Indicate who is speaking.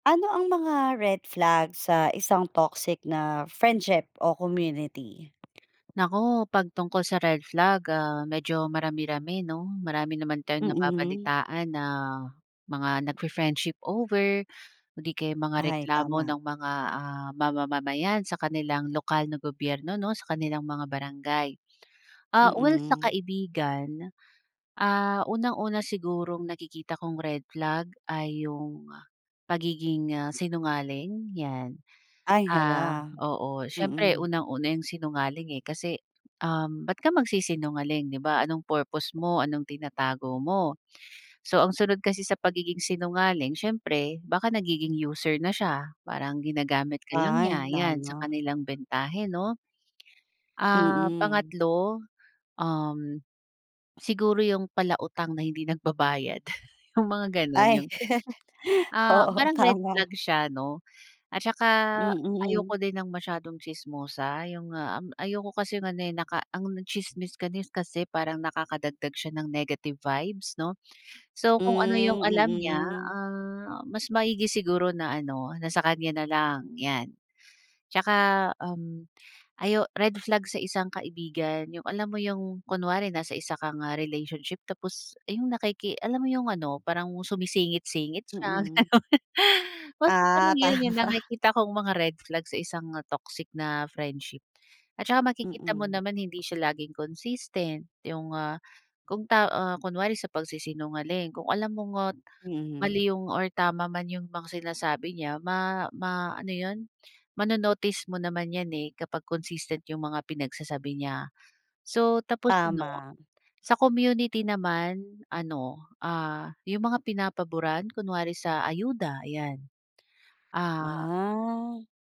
Speaker 1: Ano ang mga red flag sa isang toxic na friendship o community?
Speaker 2: Naku, pag tungkol sa red flag, ah, medyo marami-rami, 'no, marami naman tayong
Speaker 1: Mm.
Speaker 2: nababalitaan na mga nagfi-friendship over, o di kaya'y mga
Speaker 1: Ay,
Speaker 2: reklamo
Speaker 1: tama.
Speaker 2: ng mga, ah, ma-mamamayan sa kanilang lokal na gobyerno 'no, sa kanilang mga barangay. Ah, well sa
Speaker 1: Mm.
Speaker 2: kaibigan, ah, unang-una sigurong nakikita kong red flag ay 'yung pagiging, ah, sinungaling, yan.
Speaker 1: Ay,
Speaker 2: Ah,
Speaker 1: hala.
Speaker 2: oo, siyempre
Speaker 1: Mm.
Speaker 2: unang-una yung sinungaling, eh, kasi um ba't ka magsisinungaling, 'di ba anong purpose mo, anong tinatago mo. So ang sunod kasi sa pagiging sinungaling siyempre baka nagiging user na siya, parang ginagamit ka lang
Speaker 1: Ay,
Speaker 2: niya yan sa
Speaker 1: tama.
Speaker 2: kanilang bentahe 'no? Ah,
Speaker 1: Mm.
Speaker 2: pangatlo, um, siguro yung palautang na hindi nagbabayad yung mga
Speaker 1: Ay,
Speaker 2: ganun, ah,
Speaker 1: oo
Speaker 2: parang red
Speaker 1: tama.
Speaker 2: flag siya 'no at saka
Speaker 1: Mm.
Speaker 2: ayoko din ng masyadong tsismosa yung, ah, um, ayoko kasing ano eh, naka ang tsismis ka ni s kasi parang nakakadagdag siya ng negative vibes, 'no? So, kung ano yung
Speaker 1: Hmm,
Speaker 2: alam niya,
Speaker 1: mm.
Speaker 2: ah, mas maigi siguro na ano na sa kanya na lang, yan. At saka um, ayo red flag sa isang kaibigan yung alam mo yung kunwari nasa isa kang ah relationship tapos, ah, yung nakiki alam mo yung ano parang sumisingit-singit siya,
Speaker 1: Mm.
Speaker 2: gano'n. Basta parang
Speaker 1: Ah,
Speaker 2: yun yung
Speaker 1: tama.
Speaker 2: nakikita kong mga red flag sa isang, ah, toxic na friendship at saka makikita mo
Speaker 1: Mm.
Speaker 2: naman hindi siya laging consistent yung, ah, kung ta ah, kunwari sa pagsisinungaling kung alam mong, ah,
Speaker 1: Mhm.
Speaker 2: mali yung or tama man ,yung mga sinasabi niya ma ma ano yun, mano-notice mo naman yan, eh, kapag consistent yung mga pinagsasabi niya. So, tapos ano
Speaker 1: Tama.
Speaker 2: sa community naman ano, ah, yung mga pinapaburan kunwari sa ayuda, ayan. Ah
Speaker 1: Ah.